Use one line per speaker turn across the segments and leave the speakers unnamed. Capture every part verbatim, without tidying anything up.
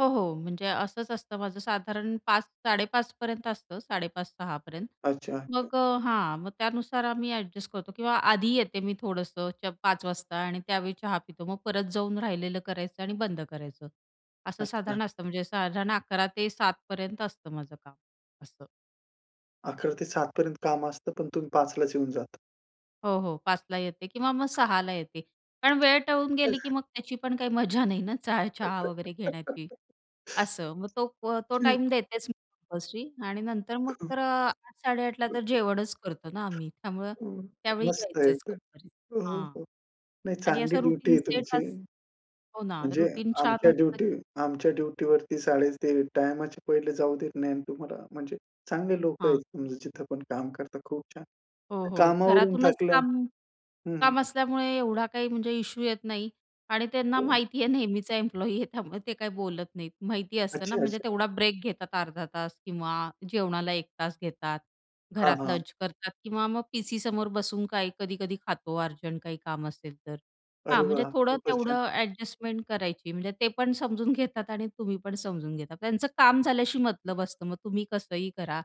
हो, हो. म्हणजे असंच असतं माझं. साधारण पाच साडे, पाच पर्यंत असतं, साडे पाच, सहा पर्यंत.
अच्छा, अच्छा.
मग अ, हां, मग त्यानुसार आम्ही अ‍ॅडजस्ट करतो किंवा आधी येते मी थोडंसंच पाच वाजता आणि त्यावेळी चहा पितो. मग परत जाऊन राहिलेलं करायचं आणि बंद करायचं, असं
अच्छा.
साधारण असतं. म्हणजे साधारण अकरा ते सात पर्यंत असतं माझं काम, असं.
अकरा ते सात पर्यंत काम असतं पण तुम्ही पाच लाच येऊन जाता.
हो, हो. पाच ला येते किंवा मग सहा ला येते. पण वेळ टळून गेली की
[unintelligible]
मग त्याची पण काही मजा नाही ना चहा, चहा वगैरे घेण्याची असं. मग तो अ, तो
ठीक.
टाईम देतेच मी कंपल्सरी आणि नंतर मग
हं.
तर अ, आठ साडेआठ ला तर अ, जेवणच करतो ना आम्ही, त्यामुळं
हं,
त्यावेळी
मस्त आहे
यायचंच
तर.
कंपनीत,
हो, हो,
हां
हो नाही
आणि
चांगली
असं
ड्युटी
रुटीन
आहे
सेट
तुमची.
अस हो ना,
म्हणजे
रुटीन छान
आमच्या
असलं
ड्युटी
की
आमच्या ड्युटीवरती साडे ते टाईमच्या पहिले जाऊ देत नाही ना तुम्हाला. म्हणजे चांगले लोकं
हां.
आहेत जिथे पण काम करता. खूप छान.
हो, हो
कामावरून
घरातूनच
थकल्या
काम
हं, हं.
काम असल्यामुळे एवढा काही म्हणजे इश्यू येत नाही. आणि त्यांना
हो.
माहिती आहे नेहमीचा एम्प्लॉयी आहे त्यामुळे ते काही बोलत नाहीत. माहिती असतं ना,
अच्छा,
म्हणजे
अच्छा.
तेवढा ब्रेक घेतात अर्धा तास किंवा जेवणाला एक तास घेतात.
हां,
घरात
हां.
लंच करतात किंवा मग पीसीसमोर बसून काही कधी-कधी खातो अर्जंट काही काम असेल तर. हां,
अरे
म्हणजे
वाह!
थोडं
खूपच छान.
तेवढं अ‍ॅडजस्टमेंट करायची, म्हणजे ते पण समजून घेतात आणि तुम्ही पण समजून घेतात. त्यांचं काम झाल्याशी मतलब असतं, मग तुम्ही कसंही करा.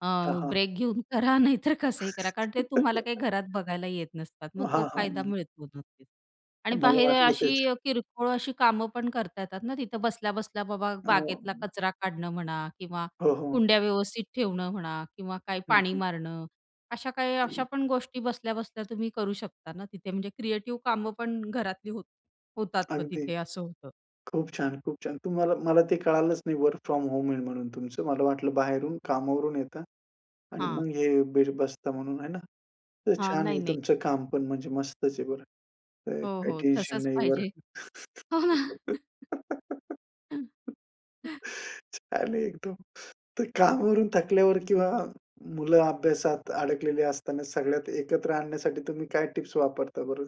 अ,
हां, हां.
ब्रेक घेऊन करा नाही तर कसंही करा कारण ते तुम्हाला काही घरात बघायला येत नसतात. मग तो
हां,
फायदा
हां.
मिळतो नक्कीच. आणि
मला
बाहेर अ,
वाटलं तेच.
अशी अ, किरकोळ अशी कामं पण करता येतात ना तिथं बसल्या-बसल्या, बाबा बागेतला
अं
कचरा काढणं म्हणा किंवा
हो, हो.
कुंड्या व्यवस्थित ठेवणं म्हणा किंवा काय
हं,
पाणी
हं.
मारणं अशा काही अशा
[unintelligible]
पण गोष्टी बसल्या-बसल्या तुम्ही करू शकता ना तिथे म्हणजे क्रिएटिव्ह कामं पण घरातली होत होतात मग
अगदी,
तिथे असं होतं
खूप छान, खूप छान. तुम्हाला मला ते कळालंच नाही वर्क फ्रॉम होम आहे म्हणून तुमचं. मला वाटलं बाहेरून कामावरून येता आणि
हां.
मग हे बीर बसता म्हणून आहे ना? तर
हां,
छान
नाही
आहे तुमचं
नाही.
काम, पण म्हणजे मस्तच आहे बरं, तर
हो,
काही
हो.
टेन्शन
तसंच
नाही,
पाहिजे.
वर्क छान आहे एकदम. तर कामावरून थकल्यावर किंवा मुलं अभ्यासात अडकलेली असताना सगळ्यात एकत्र आणण्यासाठी तुम्ही काय टिप्स वापरता बरं?